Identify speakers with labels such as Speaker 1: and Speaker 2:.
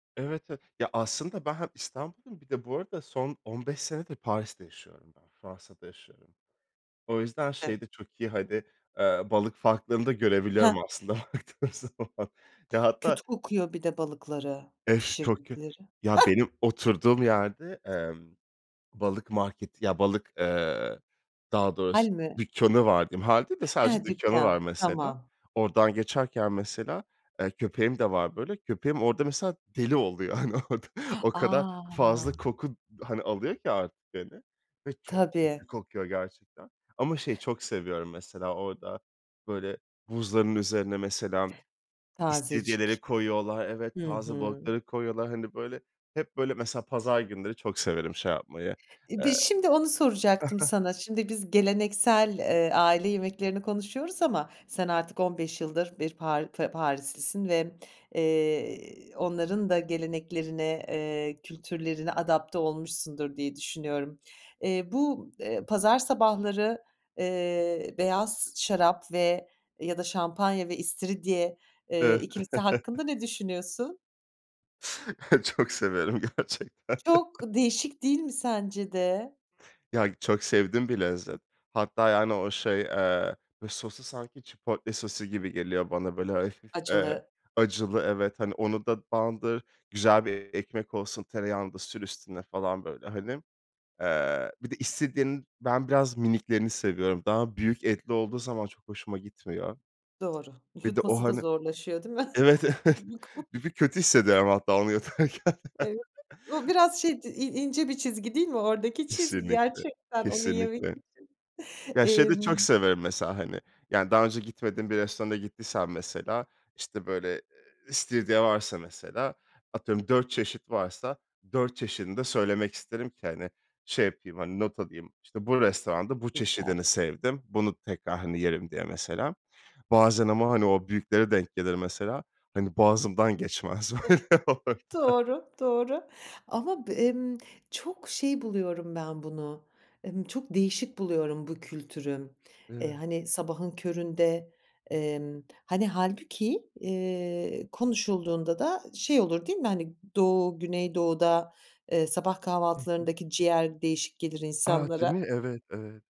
Speaker 1: Evet, evet, ya, aslında ben hem İstanbulluyum, bir de bu arada son 15 senedir Paris'te yaşıyorum ben, Fransa'da yaşıyorum. O yüzden
Speaker 2: Evet.
Speaker 1: şeyde çok iyi, hani, ııı, balık farklarını da
Speaker 2: He.
Speaker 1: görebiliyorum aslında, baktığım zaman. Ya, hatta
Speaker 2: Kötü kokuyor bir de balıkları,
Speaker 1: Ef çok kö
Speaker 2: pişirdikleri.
Speaker 1: ya, benim oturduğum yerde emm, balık marketi ya, balık, eee, daha doğrusu
Speaker 2: Hâl mi?
Speaker 1: dükkânı var diyeyim. Hâlde de sadece
Speaker 2: He,
Speaker 1: dükkânı var
Speaker 2: dükkan,
Speaker 1: mesela.
Speaker 2: tamam.
Speaker 1: Oradan geçerken mesela, eee, köpeğim de var böyle, köpeğim orada, mesela, deli oluyor hani orada. O kadar
Speaker 2: A!
Speaker 1: fazla koku, hani, alıyor ki artık, hani, ve çok
Speaker 2: Tabii.
Speaker 1: kötü kokuyor gerçekten ama şeyi çok seviyorum mesela orada böyle buzların üzerine, mesela,
Speaker 2: Tazecik.
Speaker 1: istiridyeleri koyuyorlar. Evet,
Speaker 2: Hı
Speaker 1: taze
Speaker 2: hı.
Speaker 1: balıkları koyuyorlar. Hani böyle hep böyle mesela pazar günleri çok severim şey yapmayı.
Speaker 2: İ bir
Speaker 1: Eee
Speaker 2: şimdi onu soracaktım sana, şimdi biz geleneksel, eee, aile yemeklerini konuşuyoruz ama sen artık 15 yıldır bir par f Parislisin ve, eee, i onların da geleneklerine, eee, kültürlerine adapte olmuşsundur diye düşünüyorum. Eee, bu, eee, pazar sabahları, eee, beyaz şarap ve ya da şampanya ve istiridye, eee,
Speaker 1: [unintelligible]
Speaker 2: ikilisi hakkında ne düşünüyorsun?
Speaker 1: Çok severim gerçekten.
Speaker 2: Çok değişik değil mi, sence de?
Speaker 1: Ya, çok sevdiğim bir lezzet. Hatta yani o şey, eee, böyle sosu sanki chipotle sosu gibi geliyor bana böyle hafif, eee,
Speaker 2: Acılı.
Speaker 1: acılı, evet hani, onu da bandır, güzel bir ekmek olsun, tereyağını da sür üstüne falan böyle hani. Eee, bir de istiridyenin ben biraz miniklerini seviyorum. Daha büyük etli olduğu zaman çok hoşuma gitmiyor.
Speaker 2: Doğru,
Speaker 1: Bir de o
Speaker 2: yutması da
Speaker 1: hani
Speaker 2: zorlaşıyor değil mi?.
Speaker 1: Evet, evet bir kötü hissediyorum
Speaker 2: [unintelligible]
Speaker 1: hatta onu yutarken.
Speaker 2: Evet, o biraz şey c i i ince bir çizgi değil mi oradaki çizgi
Speaker 1: Kesinlikle,
Speaker 2: gerçekten onu yemek
Speaker 1: kesinlikle.
Speaker 2: için?
Speaker 1: Ya, şeyi de çok
Speaker 2: Emm
Speaker 1: severim mesela, hani, yani daha önce gitmediğin bir restorana gittiysem mesela, işte böyle i istiridye varsa mesela, atıyorum 4 çeşit varsa, 4 çeşidini de söylemek isterim ki hani, şey yapayım, hani, not alayım, işte bu restoranda bu çeşidini
Speaker 2: Süper.
Speaker 1: sevdim, bunu tekrar, hani, yerim diye mesela. Bazen ama hani, o büyükleri denk gelir mesela, hani, boğazımdan geçmez
Speaker 2: Evet,
Speaker 1: böyle orada.
Speaker 2: doğru, doğru. Ama b emm, çok şey buluyorum ben bunu, emm, çok değişik buluyorum bu kültürü. Eee,
Speaker 1: E.
Speaker 2: hani, sabahın köründe, emm, hani, hâlbuki, eee, konuşulduğunda da şey olur değil mi, hani, Doğu, Güneydoğu'da, ııı, sabah
Speaker 1: Hı hı.
Speaker 2: kahvaltılarındaki ciğer değişik gelir
Speaker 1: A! Değil
Speaker 2: insanlara.
Speaker 1: mi? Evet, evet.